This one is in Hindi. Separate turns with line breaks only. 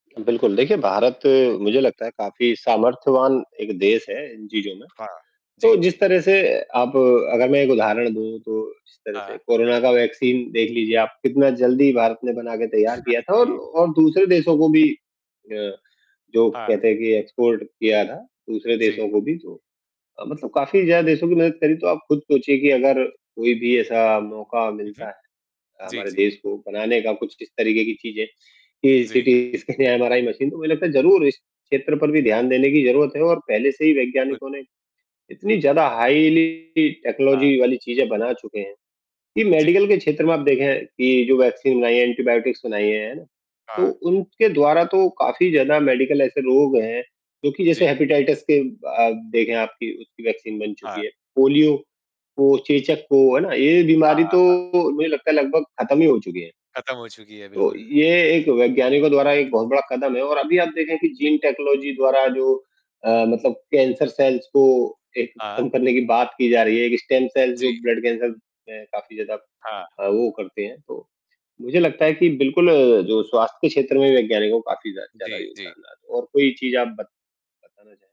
बिल्कुल, देखिए भारत मुझे
जी।
लगता है काफ़ी सामर्थ्यवान एक देश है इन चीज़ों में,
हाँ। जी,
तो जिस
जी।
तरह से आप अगर मैं एक उदाहरण दूँ तो जिस तरह से
हाँ।
कोरोना का वैक्सीन देख लीजिए आप, कितना जल्दी भारत ने बना के तैयार
हाँ
किया था और
जी।
और दूसरे देशों को भी अ, जो
हाँ।
कहते हैं कि एक्सपोर्ट किया था। दूसरे
जी।
देशों को भी तो अ, मतलब काफ़ी ज़्यादा देशों की मदद करी तो आप खुद चाहिए कि अगर, कोई भी ऐसा मौका
हुँ,
मिलता
हुँ।
है अ,
जी,
हमारे
जी।
देश को बनाने का कुछ किस तरीके की चीज़ें, कि
जी।
सिटीज़ के लिए एमआरआई मशीन, तो मुझे लगता है ज़रूर इस क्षेत्र पर भी ध्यान देने की ज़रूरत है और पहले से ही
बिल्कुल।
वैज्ञानिकों ने, इतनी ज़्यादा हाइली
हाँ।
टेक्नोलॉजी वाली चीज़ें बना चुके हैं, कि
जी।
मेडिकल के क्षेत्र में आप देखें कि जो वैक्सीन बनाई हैं, एंटीबायोटिक्स बनाई हैं। तो
हाँ।
उनके द्वारा तो काफ़ी ज़्यादा मेडिकल ऐसे रोग हैं, जो कि जैसे
जी।
हेपेटाइटिस के आप देखें आप कि उसकी वैक्सीन बन
हाँ।
चुकी है। पोलियो को, चेचक को, है ना? ये
हाँ,
बीमारी
हाँ,
तो
हाँ।
मुझे लगता है लगभग खत्म ही हो चुकें हैं।
ख़त्म हो चुकी है,
तो,
बिल्कुल।
ये एक वैज्ञानिकों द्वारा एक बहुत बड़ा कदम है और अभी आप देखें कि जीन
जी।
टेक्नोलॉजी द्वारा जो अ, मतलब कैंसर सेल्स को एक खत्म
हाँ।
करने की बात की जा रही है। एक स्टेम सेल्स
जी।
जो ब्लड कैंसर में काफ़ी ज़्यादा
हाँ।
अ, वो करते हैं तो, मुझे लगता है कि बिल्कुल जो स्वास्थ्य के क्षेत्र में वैज्ञानिकों काफ़ी जा ज़्यादा
जी, जी।
योगदान रहा था और कोई चीज़ आप बत बताना चाहें?